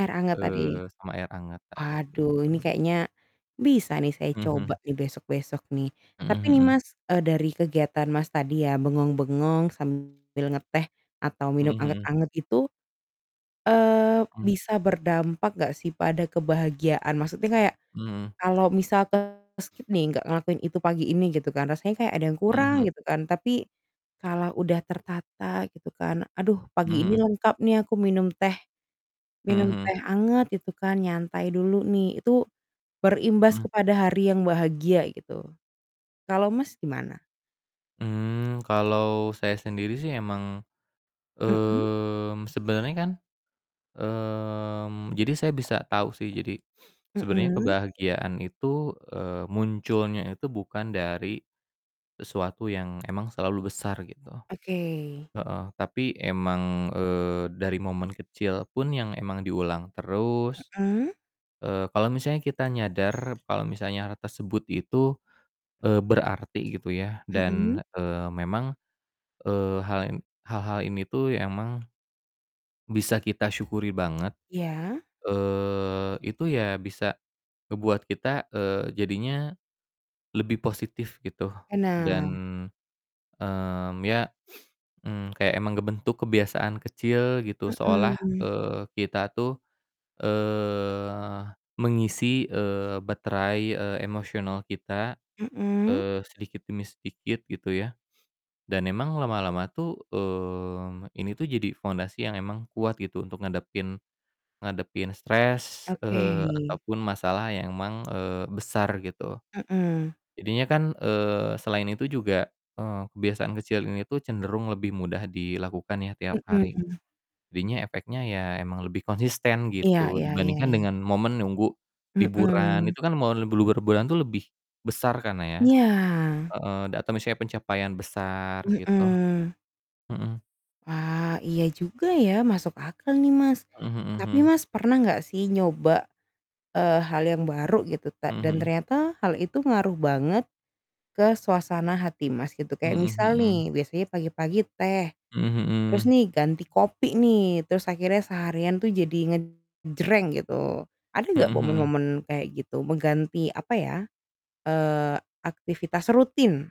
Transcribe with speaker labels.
Speaker 1: Air hangat tadi.
Speaker 2: Eee, sama air hangat, tadi
Speaker 1: Aduh ini
Speaker 2: itu.
Speaker 1: kayaknya, bisa nih saya
Speaker 2: Mhm.
Speaker 1: coba nih, besok-besok nih.
Speaker 2: Mhm
Speaker 1: Tapi nih
Speaker 2: mhm.
Speaker 1: Mas, eee, dari kegiatan Mas tadi ya bengong-bengong sambil ngeteh atau
Speaker 2: Mhm
Speaker 1: minum
Speaker 2: mhm.
Speaker 1: anget-anget itu, eee,
Speaker 2: Mmm.
Speaker 1: bisa berdampak nggak sih pada kebahagiaan? Maksudnya kayak,
Speaker 2: Mhm.
Speaker 1: kalau misal ke skip nih, nggak ngelakuin itu pagi ini gitu kan, rasanya kayak ada yang
Speaker 2: Mhm
Speaker 1: kurang,
Speaker 2: mhm.
Speaker 1: gitu kan. Tapi, kalau udah tertata gitu kan, "Aduh
Speaker 2: Mhm
Speaker 1: pagi ini
Speaker 2: mhm.
Speaker 1: lengkap nih, aku minum teh
Speaker 2: Mhm
Speaker 1: minum
Speaker 2: mhm.
Speaker 1: teh anget," gitu kan, "nyantai dulu nih." Itu, berimbas
Speaker 2: Mmm.
Speaker 1: kepada hari yang bahagia gitu, kalau Mas, gimana?
Speaker 2: Mmm, kalo saya sendiri sih emang,
Speaker 1: Mhm?
Speaker 2: mmm, sebenarnya kan, mmm, jadi saya bisa tahu sih jadi sebenarnya
Speaker 1: Mhm.
Speaker 2: kebahagiaan itu, eee, munculnya itu bukan dari sesuatu yang emang selalu besar, gitu.
Speaker 1: Oke.
Speaker 2: Heeh, tapi emang, eee, dari momen kecil pun yang emang diulang terus,
Speaker 1: Mhm?
Speaker 2: eee, kalo misalnya kita nyadar, kalo misalnya hal tersebut itu, eee, berarti gitu ya
Speaker 1: Mhm?
Speaker 2: dan, eee, memang, eee, hal n hal-hal ini tuh ya emang, bisa kita syukuri banget,
Speaker 1: Iya?
Speaker 2: eee, itu ya bisa ngebuat kita, eee, jadinya lebih positif, gitu. Dan,
Speaker 1: Benar.
Speaker 2: mmm, ya, mmm, kayak emang ngebentuk kebiasaan kecil gitu seolah,
Speaker 1: Mhm.
Speaker 2: eee, kita tuh, eee, mengisi, eee, baterai, eee, emosional kita,
Speaker 1: Mhm?
Speaker 2: eee, sedikit demi sedikit, gitu ya, dan emang lama-lama tuh, mmm, ini tuh jadi fondasi yang emang kuat gitu, untuk ngadapin ngadapin stres,
Speaker 1: Oke.
Speaker 2: eee, ataupun masalah yang emang, eee, besar, gitu.
Speaker 1: Mhm.
Speaker 2: Jadinya kan, eee, selain itu juga, eee, kebiasaan kecil ini tuh cenderung lebih mudah dilakukan ya tiap hari.
Speaker 1: Mhm.
Speaker 2: Jadinya efeknya ya emang lebih konsisten
Speaker 1: Iya
Speaker 2: gitu,
Speaker 1: iya iya
Speaker 2: dibandingkan
Speaker 1: iya.
Speaker 2: dengan momen nunggu liburan,
Speaker 1: Mhm.
Speaker 2: itu kan momen bluber bulan tuh, lebih besar kan ya,
Speaker 1: Iya.
Speaker 2: heeh, dan atau misalnya pencapaian besar gitu.
Speaker 1: Mhm.
Speaker 2: Mhm.
Speaker 1: Wah, iya juga ya, masuk akal nih, Mas.
Speaker 2: Mhm
Speaker 1: Tapi
Speaker 2: mhm.
Speaker 1: Mas, pernah enggak sih nyoba, eee, hal yang baru gitu ta
Speaker 2: Mhm
Speaker 1: dan
Speaker 2: mhm.
Speaker 1: ternyata hal itu ngaruh banget ke suasana hati Mas, gitu. Kayak
Speaker 2: Mhm
Speaker 1: misal
Speaker 2: mhm.
Speaker 1: nih, biasanya pagi-pagi teh
Speaker 2: Mhm
Speaker 1: terus
Speaker 2: mhm.
Speaker 1: nih ganti kopi nih, terus akhirnya seharian tuh jadi ngejreng gitu. Ada nggak
Speaker 2: Mhm mhm.
Speaker 1: momen-momen kayak gitu? Mengganti, apa ya, eee, aktivitas rutin.